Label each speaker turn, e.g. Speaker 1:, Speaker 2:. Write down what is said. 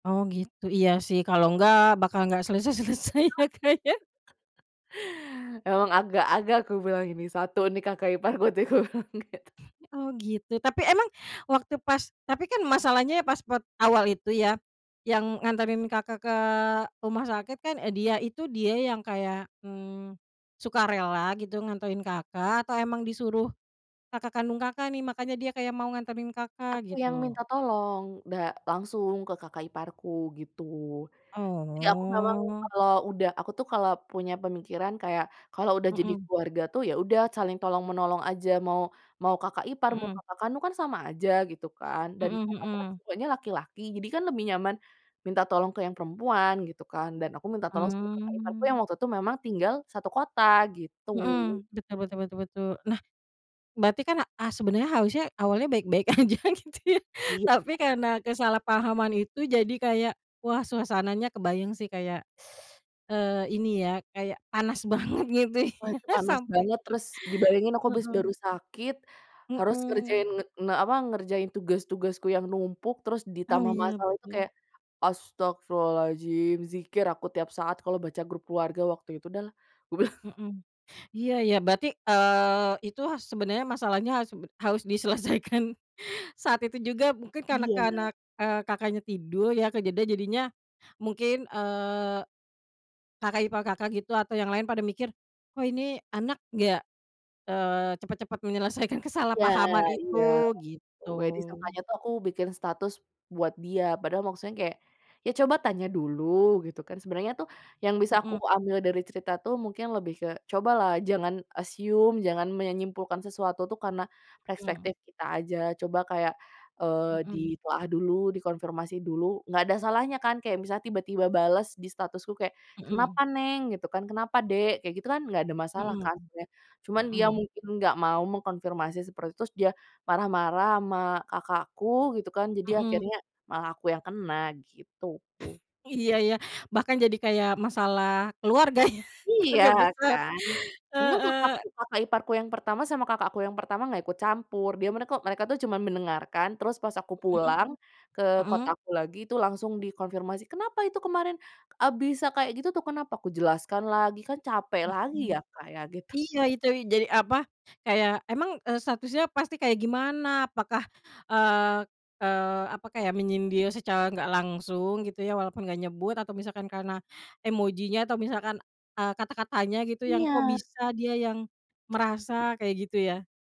Speaker 1: Oh, gitu. Iya sih, kalau enggak, bakal nggak selesai-selesai ya, Kak,
Speaker 2: [unintelligible]
Speaker 1: ya.
Speaker 2: Emang agak-agak kubilang ini satu nih, kakak iparku tuh kubilang gitu.
Speaker 1: Oh, gitu, tapi emang waktu pas tapi kan masalahnya ya pas per awal itu ya, yang nganterin Kakak ke rumah sakit kan, dia itu dia yang kayak, hmm, sukarela gitu nganterin Kakak atau emang disuruh kakak kandung Kakak nih, makanya dia kayak mau nganterin Kakak,
Speaker 2: Aku yang
Speaker 1: gitu?
Speaker 2: minta tolong, da langsung ke kakak iparku, gitu. Jadi aku memang,
Speaker 1: Oh.
Speaker 2: kalau udah aku tuh kalau punya pemikiran kayak kalau udah jadi
Speaker 1: Mhm.
Speaker 2: keluarga tuh, ya udah saling tolong menolong aja mau mau kakak ipar, mau
Speaker 1: Mhm.
Speaker 2: kakak kandung kan sama aja, gitu kan. Dan
Speaker 1: Mhm
Speaker 2: kakakku kan
Speaker 1: mhm.
Speaker 2: semuanya laki-laki jadi kan lebih nyaman minta tolong ke yang perempuan, gitu kan, dan aku minta tolong sama kakak iparku
Speaker 1: Mmm.
Speaker 2: yang waktu itu memang tinggal satu kota, gitu.
Speaker 1: Mhm, betul betul betul. Nah, berarti kan, a sebenarnya harusnya awalnya baik-baik aja, gitu ya,
Speaker 2: Iya
Speaker 1: tapi
Speaker 2: heeh.
Speaker 1: karena kesalahpahaman itu jadi kayak, wah, suasananya kebayang sih kayak, eee, ini ya, kayak panas banget, gitu
Speaker 2: Wah,
Speaker 1: ya,
Speaker 2: itu panas
Speaker 1: sampai
Speaker 2: banget, terus dibayangin aku abis baru
Speaker 1: Heeh.
Speaker 2: sakit, harus
Speaker 1: Mhm.
Speaker 2: ngerjain, nge eee, apa, ngerjain tugas-tugasku yang numpuk, terus
Speaker 1: Oh,
Speaker 2: ditambah
Speaker 1: iya,
Speaker 2: masalah itu
Speaker 1: betul.
Speaker 2: kayak, astaghfirullahaladzim, dzikir aku tiap saat kalo baca grup keluarga waktu itu dah, kubilang.
Speaker 1: Mhm. Iya, ya, berarti, eee, itu sebenarnya masalahnya, harus harus diselesaikan saat itu juga mungkin karena karena,
Speaker 2: Iya.
Speaker 1: eee, Kakaknya tidur ya, kejadiannya jadinya mungkin, eee, kakak ipar Kakak gitu, atau yang lain pada mikir, "Kok ini anak nggak, eee, cepat-cepat menyelesaikan
Speaker 2: Ya,
Speaker 1: kesalahpahaman
Speaker 2: iya.
Speaker 1: itu?",
Speaker 2: Pokoknya
Speaker 1: gitu.
Speaker 2: disangkanya tuh aku bikin status buat dia, padahal maksudnya kayak, ya coba tanya dulu, gitu kan. Sebenernya tuh yang bisa aku
Speaker 1: Mhm.
Speaker 2: ambil dari cerita tuh, mungkin lebih ke cobalah jangan assume, jangan menyimpulkan sesuatu tuh karena
Speaker 1: Mmm.
Speaker 2: prespektif kita aja, coba kayak, eee,
Speaker 1: Mhm.
Speaker 2: ditelaah dulu, dikonfirmasi dulu, nggak ada salahnya kan kayak, misalnya tiba-tiba balas di statusku kayak,
Speaker 1: Mhm.
Speaker 2: "Kenapa, Neng?", gitu kan. "Kenapa, Dek?", kayak gitu kan, nggak ada masalah
Speaker 1: Mhm.
Speaker 2: kan sebenarnya. Cuman dia
Speaker 1: Mhm.
Speaker 2: mungkin nggak mau mengkonfirmasi seperti itu, terus dia marah-marah sama kakak aku, gitu kan, jadi
Speaker 1: Mhm.
Speaker 2: akhirnya malah aku yang kena, gitu.
Speaker 1: Iya, ya, bahkan jadi kayak masalah keluarga ya,
Speaker 2: Iya,
Speaker 1: keluarga besar.
Speaker 2: kan, untung kakakku
Speaker 1: Heeh.
Speaker 2: kakak iparku yang pertama, sama kakak aku yang pertama nggak ikut campur, dia mereka mereka tuh cuma mendengarkan, terus pas aku
Speaker 1: Mhm.
Speaker 2: pulang ke
Speaker 1: Mhm.
Speaker 2: kotaku lagi, itu langsung dikonfirmasi, "Kenapa itu kemarin? A bisa kayak gitu tuh kenapa?". Ku jelaskan lagi, kan capek lagi
Speaker 1: Mhm.
Speaker 2: ya, Kak, ya, gitu.
Speaker 1: Iya, itu. Jadi, apa, kayak emang, eee, statusnya pasti kayak, gimana, apakah, eee eee, apa kayak menyindir secara nggak langsung, gitu ya, walaupun nggak nyebut, atau misalkan karena emojinya atau misalkan, eee, kata-katanya gitu, yang kok
Speaker 2: Iya.
Speaker 1: bisa dia yang merasa, kayak gitu, ya.